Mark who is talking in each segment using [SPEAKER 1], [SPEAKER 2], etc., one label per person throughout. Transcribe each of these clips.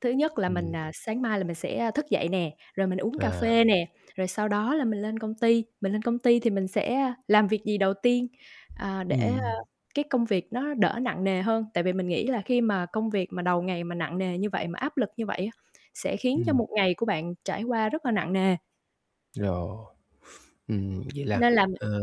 [SPEAKER 1] Thứ nhất là mình,
[SPEAKER 2] Ừm.
[SPEAKER 1] à, sáng mai là mình sẽ thức dậy nè, rồi mình uống cà
[SPEAKER 2] À.
[SPEAKER 1] phê nè, rồi sau đó là mình lên công ty. Mình lên công ty thì mình sẽ làm việc gì đầu tiên, à, để, a,
[SPEAKER 2] Ừm.
[SPEAKER 1] cái công việc nó đỡ nặng nề hơn. Tại vì mình nghĩ là khi mà công việc mà đầu ngày mà nặng nề như vậy, mà áp lực như vậy á, sẽ khiến cho
[SPEAKER 2] Ừm.
[SPEAKER 1] một ngày của bạn trải qua rất là nặng nề.
[SPEAKER 2] Rồi, ừm, vậy là,
[SPEAKER 1] Nên là m
[SPEAKER 2] ờ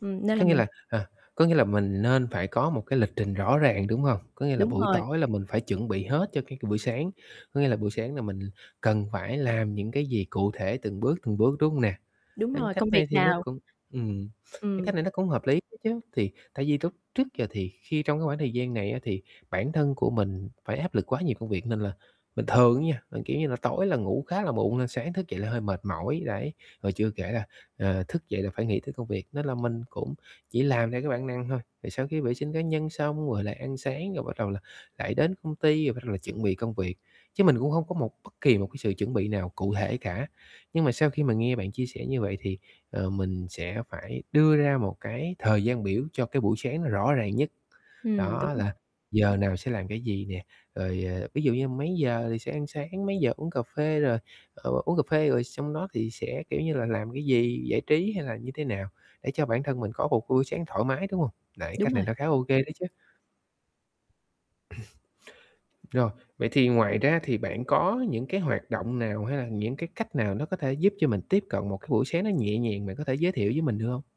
[SPEAKER 1] Ừm, nên là
[SPEAKER 2] có nghĩa
[SPEAKER 1] mình
[SPEAKER 2] là, à, có nghĩa là mình nên phải có một cái lịch trình rõ ràng, đúng hông? Có nghĩa là
[SPEAKER 1] Đúng
[SPEAKER 2] buổi
[SPEAKER 1] rồi.
[SPEAKER 2] tối là mình phải chuẩn bị hết cho cái buổi sáng. Có nghĩa là buổi sáng là mình cần phải làm những cái gì cụ thể từng bước, từng bước, đúng hông nè?
[SPEAKER 1] Đúng
[SPEAKER 2] À,
[SPEAKER 1] rồi,
[SPEAKER 2] cách
[SPEAKER 1] công việc
[SPEAKER 2] này thì nó
[SPEAKER 1] nào
[SPEAKER 2] cũng ừm, cái
[SPEAKER 1] Ừm.
[SPEAKER 2] cách này nó cũng hợp lý ấy chứ. Thì tại vì lúc trước giờ thì khi trong cái khoảng thời gian này á, thì bản thân của mình phải áp lực quá nhiều công việc. Nên là bình thường á nha là, kiểu như là, tối là ngủ khá là muộn nên sáng thức dậy là hơi mệt mỏi, đấy. Rồi chưa kể là, à, thức dậy là phải nghĩ tới công việc, nên là mình cũng chỉ làm theo cái bản năng thôi. Rồi sau khi vệ sinh cá nhân xong rồi là ăn sáng, rồi bắt đầu là lại đến công ty, rồi bắt đầu là chuẩn bị công việc. Chứ mình cũng không có một bất kỳ một cái sự chuẩn bị nào cụ thể cả. Nhưng mà sau khi mà nghe bạn chia sẻ như vậy thì, ờ, mình sẽ phải đưa ra một cái thời gian biểu cho cái buổi sáng nó rõ ràng nhất.
[SPEAKER 1] Ừm, đúng
[SPEAKER 2] Đó,
[SPEAKER 1] rồi.
[SPEAKER 2] là giờ nào sẽ làm cái gì nè, rồi, à, ví dụ như mấy giờ thì sẽ ăn sáng, mấy giờ uống cà phê. Rồi, ờ, uống cà phê rồi xong đó thì sẽ, kiểu như là, làm cái gì, giải trí hay là như thế nào để cho bản thân mình có một buổi sáng thoải mái, đúng hông? Đấy,
[SPEAKER 1] Đúng
[SPEAKER 2] cách này
[SPEAKER 1] rồi.
[SPEAKER 2] nó khá là ô kê đấy chứ. Rồi, vậy thì ngoài ra thì bạn có những cái hoạt động nào ha, những cái cách nào nó có thể giúp cho mình tiếp cận một cái buổi sáng nó nhẹ nhàng? Bạn có thể giới thiệu với mình được hông?